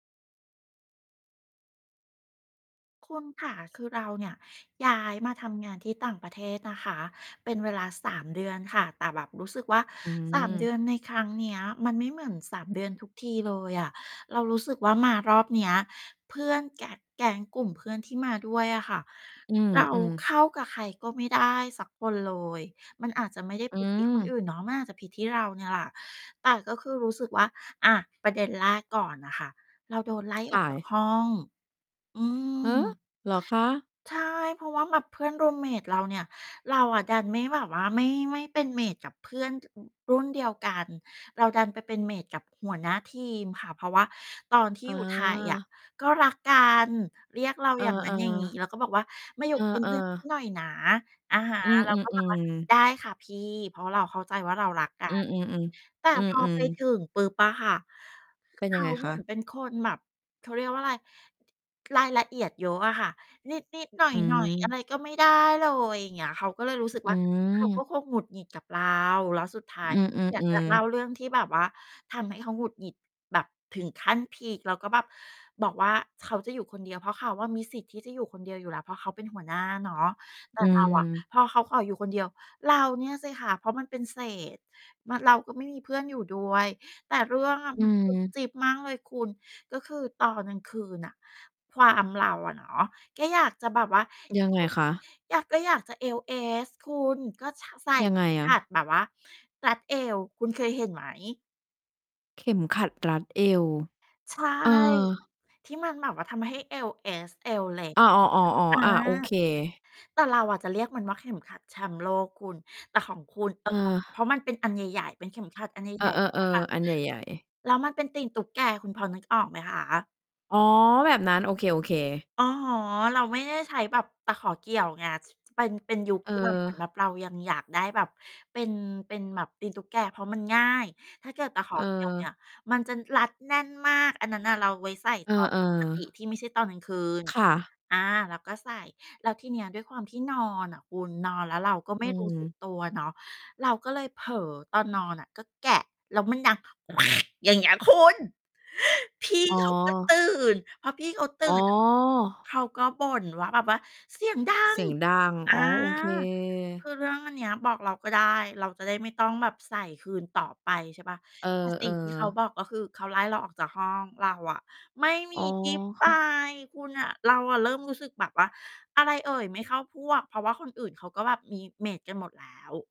คุณคะ คือเราเนี่ย ย้ายมาทำงานที่ต่างประเทศนะคะ เป็นเวลา 3 เดือนค่ะ แต่แบบรู้สึกว่า อื3 เดืม อนในครั้งเนี้ย มันไม่เหมือน 3 เดือนทุกทีเลยอะ เรารู้สึกว่ามารอบเนี้ย เพื่อนแกะ แก๊งกลุ่มเพื่อนที่มาด้วยอะค่ะ อืเราม ๆ เข้ากับใครก็ไม่ได้สักคนเลย มันอาจจะไม่ได้ อืผิด ที่คนอม ื่นเนาะ มันอาจจะผิดที่เราเนี่ยล่ะ แต่ก็คือรู้สึกว่า อา ประเด็นแรกก่อนน่ะค่ะ เราโดนไล่คออ่กจากะ ห้อง อืหือ! ม เหรอคะ? ใช่ เพราะว่าแบบเพื่อน รูมเมต เราเนี่ย เราอะดันไม่แบบว่า ไม่ ไม่เป็น เมต กับเพื่อน อ รุ่นเดียวกัน เราดันไปเป็น เมต กับหัวหน้าทีมค่ะ เพราะว่าตอนที่ออยู่ไทยอะ า ก็รักกัน เรียกเราเออ อย่างงั้นอย่างงี้ แล้วๆ ก็บอกว่า "มาอยูเ่อเป็นเอ พื่อน ๆ หน่อยนะ" อะฮะ อืเราก็แบบว่า อ ๆ ๆ "ได้ค่ะพี่" เพราะเราเข้าใจว่าเรารักกัอือ น ๆ แต่ๆ อืพอไปอ ถๆ ึงปุ๊บอะค่ะ คือ เป็เนขยังาไงเคหมืะ? อนเป็น คน แบบ เขาเรียกว่าไร รายละเอียดเยอะอะค่ะ นิด ๆ หน่อือย ๆ อะม ไรก็ไม่ได้เลย อย่างเงี้ย เขาก็เลยรู้สึก อวื่า เขาก็ม คงหงุดหงิดกับเรา แล้วสุดท้าอย ือยากจะอ เล่ๆ าๆ เรื่องที่แบบว่า ทำให้เขาหงุดหงิดแบบถึงขั้นพีก แล้วก็แบบบอกว่าเขาจะอยู่คนเดียว เพราะเขาอะมีสิทธิ์ที่จะอยู่คนเดียวอยู่แล้ว เพราะเขาเป็นหัวหน้าเนาะ แต่อืเราอะ ม พอเขาขออยู่คนเดียว เราเนี่ยสิคะ เพราะมันเป็นเศษ มะ เราก็ไม่มีเพื่อนอยู่ด้วย แต่เรื่อง อะ อืมันจุ๊บม จิ๊บมากเลยคุณ ก็คือตอนกลางคืนน่ะ ความเราอะเนาะ ก็อยากจะแบบว่า เยอังไงว คะ? อยาก ก็อยากจะเอวเอสคุณ ก็ ช ใส่ ยังไงขอัดะ? แบบว่ารัดเอว คุณเคยเห็นไหม? เข็มขัดรัดเอว ใช่ เออ ที่มันแบบว่าทำให้เอวเอส เอวเล็ก อา อ๋อ อยๆ ่าๆ งอเา งี้ย โอเออ เค แต่เราอะจะเรียกมันว่าเข็มขัดแชมป์โลกคุณ แต่ของคุณ เออ ของ เพรเออ าะมันเป็นอันใหญ่ ๆ เป็นเข็มขัดอันใเอหญอ ่ ๆ ใช่เปล่า คะ ๆ ๆ อันใหญ่ ๆ แล้วมันเป็นตีนตุ๊กแก คุณพอนึกออกไหมคะ? อ๋อ แบบนั้น โอเค ๆ อะฮะ เราไม่ได้ใช้แบบตะขอเกี่ยวไง ที่ ที่ เป็น เป็นยุคเที่ แบบ เหมือนแออ บบเรายังอยากได้แบบ เป็น เป็นแบบตีนตุ๊กแก เพราะมันง่าย ถ้าเกิดตะขอ เเกี่ยว เออ นี่ย มันจะรัดแน่นมาก อันนั้นน่ะเราไว้ใส่เอตอน อ ปกติ ๆ ที่ไม่ใช่ตอนกลางคืน ค่ะ อา เราก็ใส่ แล้วทีเนี้ยด้วยความที่นอนอะคุณ นอนแล้วเราก็ไอม่ืรู้สึกม ตัวเนาะ เราก็เลยเผลอตอนนอนอะ ก็แกะ แล้วมันดังแควก อย่างเงี้ยคุณ พี่อ๋อ เขาก็ตื่น พอพี่เขาตื่อ๋อ น อะ เขาก็บ่นว่าแบบว่า "เสียงดัเสง" ียงดัง ออา ๋อ โอเค คือเรื่องอันเนี้ยบอกเราก็ได้ เราจะได้ไม่ต้องแบบใส่คืนต่อไป ใช่เปล่า เอแต่ สิอ ่งที่เขาๆ บอก ก็คือเขาไล่เราออกจากห้อง เราอะไม่มอี๋อ ที่ไป ค่ะ คุณน่ะ เราอะเริ่มรู้สึกแบบว่า อะไรเอ่ยไม่เข้าพวก เพราะว่าคนอื่นเขาก็แบบมี เมต กันหมดแล้ว